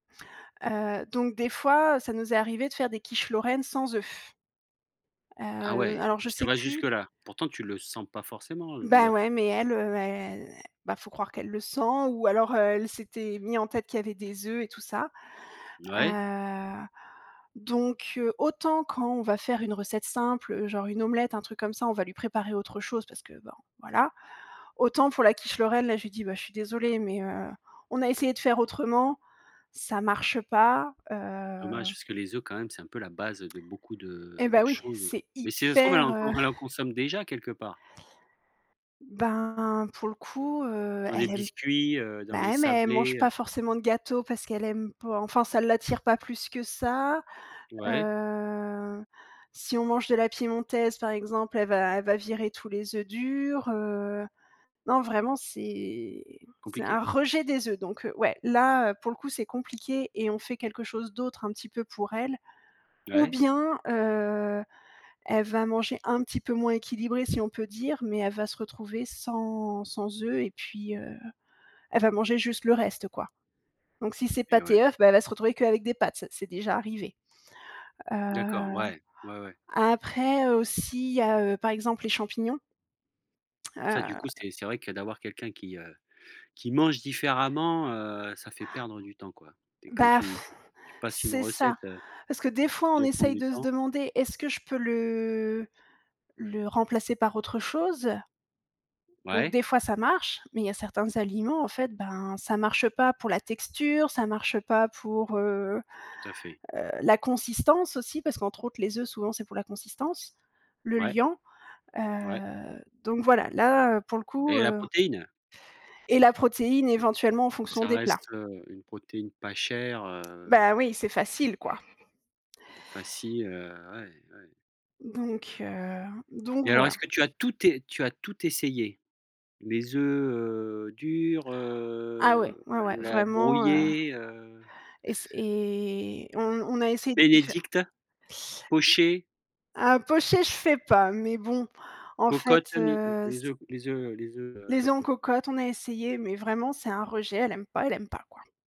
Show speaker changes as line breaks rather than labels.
Heu, donc des fois ça nous est arrivé de faire des quiches lorraines sans œufs. Heu,
Ah
l
ouais!
alors je
Ça
sais
va jusque
plus
là? Pourtant tu le sens pas forcément l
Bah,
l'œuf?
ouais mais elle, heu, elle bah, faut croire qu'elle le sent ou alors elle s'était mis en tête qu'il y avait des œufs et tout ça.
Ouais.
Heu, donc heu, autant quand on va faire une recette simple, heu, genre une omelette, un truc comme ça on va lui préparer autre chose parce que, ben voilà. Autant pour la quiche lorraine là je lui dis: «Bah je suis désolée mais, heu, on a essayé de faire autrement, ça marche pas, heu».
Dommage parce que les œufs, quand même c'est un peu la base, heu, de beaucoup
Eh
de de
bah oui,
choses.
c'est
Mais si ça se trouve, elle
hyper,
en
heu
elle en consomme déjà quelque part?
Ben, pour le coup, heu,
Dans les
elle aime
biscuits, heu? Dans
bah
les
ouais mais elle mange
sablés,
pas
heu?
forcément de gâteau, parce qu'elle aime pas, enfin ça l'attire pas plus que ça.
Ouais.
Heu, si on mange de la piémontaise par exemple, elle va elle va virer tous les œufs durs, heu. Non vraiment c'est c'est
Compliqué.
un rejet des œufs. Donc heu, ouais là pour le coup c'est compliqué et on fait quelque chose d'autre un petit peu pour elle. Ou
Ouais.
bien, heu, elle va manger un petit peu moins équilibré si on peut dire, mais elle va se retrouver sans sans œufs et puis, heu, elle va manger juste le reste quoi. Donc si c'est
Eh
pâtes
ouais.
et œufs, bah, elle va se retrouver qu'avec des pâtes, c'est déjà arrivé. Heu,
D'accord, ouais, ouais, ouais.
après, heu, aussi il y a, heu, par exemple les champignons
Ça du coup
heu.
c'est c'est vrai que d'avoir quelqu'un qui, heu, qui mange différemment, heu, ça fait perdre du temps quoi et quand
Bah
tu tu passes une
c'est ça.
recette, heu,
Parce que des fois
qui
on
déjà prend
essaye
du
de se
temps.
demander: «Est-ce que je peux le le remplacer par autre chose»? Donc
Ouais?
des fois ça marche, mais il y a certains aliments en fait, ben, ça marche pas pour la texture, ça marche pas pour, heu
Tout à fait.
heu, la consistance aussi. Parce qu'entre autres les œufs souvent c'est pour la consistance, le
Ouais.
liant,
Ouais.
heu, donc voilà là, heu, pour le coup,
Et la
heu
protéine!
et la protéine éventuellement en fonction
Ça
des plats.
reste, heu, une protéine pas chère, heu
Bah, oui c'est facile quoi.
et facile, heu, ouais, ouais.
Donc heu, donc
Et alors
voilà.
est-ce que tu as tout es tu as tout essayé? Les œufs, heu, durs,
Ah ouais,
heu,
ouais, ouais,
l la
vraiment, heu
brouillée, heu?
et c'est et on on a essayé d'y faire
bénédicte? Pochés?
Ah, pochés, je fais pas, mais bon en fait,
cocotte mi
heu,
les
c
œufs les œufs, heu, les œufs, heu
Les œufs en cocotte, on a essayé, mais vraiment c'est un rejet, elle aime pas, elle aime pas, quoi.